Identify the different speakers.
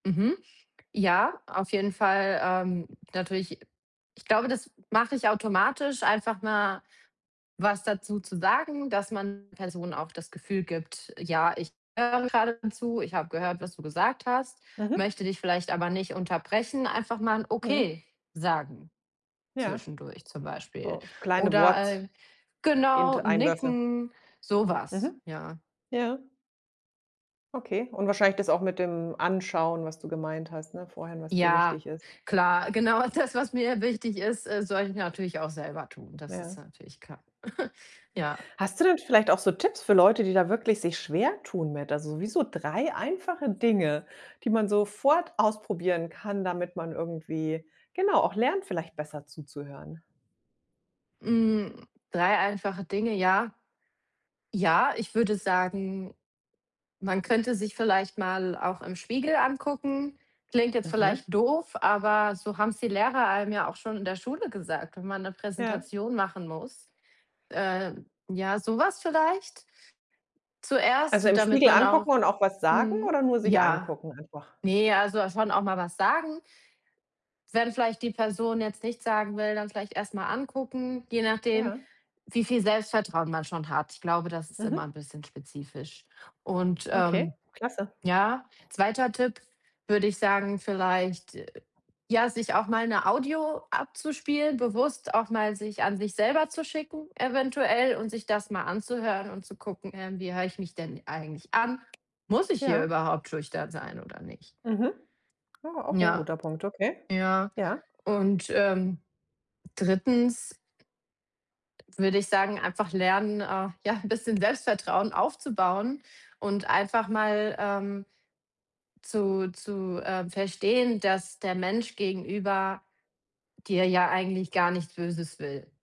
Speaker 1: Mhm. Ja, auf jeden Fall, ähm, natürlich ich glaube, das mach ich automatisch, einfach mal was dazu zu sagen, dass man Personen auch das Gefühl gibt: „Ja, ich höre grade zu. Ich hab gehört, was du gesagt hast,
Speaker 2: Mhm.
Speaker 1: möchte dich vielleicht aber nicht unterbrechen“, einfach mal 'n
Speaker 2: Mhm.
Speaker 1: „Okay“ sagen
Speaker 2: Ja.
Speaker 1: zwischendurch zum Beispiel
Speaker 2: So s kleine
Speaker 1: oder,
Speaker 2: Worts
Speaker 1: äh genau,
Speaker 2: int Einwürfe.
Speaker 1: nicken, so was,
Speaker 2: Mhm.
Speaker 1: ja.
Speaker 2: Ja. Okay. Und wahrscheinlich das auch mit dem Anschauen, was du gemeint hast, ne, vorhin, was dir
Speaker 1: Ja,
Speaker 2: wichtig ist?
Speaker 1: klar, genau das, was mir wichtig ist, äh, sollte ich natürlich auch selber tun. Das ist
Speaker 2: Ja.
Speaker 1: natürlich klar. Ja.
Speaker 2: Hast du denn vielleicht auch so Tipps für Leute, die da wirklich sich schwertun mit? Also, wie so 3 einfache Dinge, die man sofort ausprobieren kann, damit man irgendwie, genau, auch lernt, vielleicht besser zuzuhören.
Speaker 1: Mhm, 3 einfache Dinge, ja. Ja, ich würde sagen, man könnte sich vielleicht mal auch im Spiegel angucken. Klingt jetzt
Speaker 2: Mhm.
Speaker 1: vielleicht doof, aber so haben's die Lehrer einem ja auch schon in der Schule gesagt, wenn man 'ne
Speaker 2: Ja.
Speaker 1: Präsentation machen muss. Äh, ja, so was vielleicht?
Speaker 2: Also,
Speaker 1: Zuerst,
Speaker 2: im
Speaker 1: damit
Speaker 2: Spiegel
Speaker 1: man auch
Speaker 2: angucken und auch was sagen
Speaker 1: mhm,
Speaker 2: oder nur sich
Speaker 1: ja,
Speaker 2: angucken einfach?
Speaker 1: ne, also dass schon auch mal was sagen. Wenn vielleicht die Person jetzt nichts sagen will, dann vielleicht erst mal angucken, je nachdem,
Speaker 2: Ja.
Speaker 1: wie viel Selbstvertrauen man schon hat. Ich glaube, das ist immer
Speaker 2: Mhm.
Speaker 1: 'n bisschen spezifisch. Und,
Speaker 2: Okay,
Speaker 1: ähm,
Speaker 2: klasse.
Speaker 1: ja, 2. Tipp, würde ich sagen, vielleicht, äh, ja, sich auch mal 'ne Audio abzuspielen, bewusst auch mal sich an sich selber zu schicken eventuell und sich das mal anzuhören und zu gucken: „Ähm, wie hör ich mich denn eigentlich an? Muss ich hier
Speaker 2: Ja.
Speaker 1: überhaupt schüchtern sein oder nicht?“
Speaker 2: Mhm, ah, auch 'n
Speaker 1: Ja,
Speaker 2: guter Punkt, okay.
Speaker 1: ja.
Speaker 2: Ja.
Speaker 1: Und, ähm, 3. würde ich sagen, einfach lernen, äh, ja, 'n bisschen Selbstvertrauen aufzubauen und einfach mal, ähm, zu zu, ähm, verstehen, dass der Mensch gegenüber dir ja eigentlich gar nichts Böses will.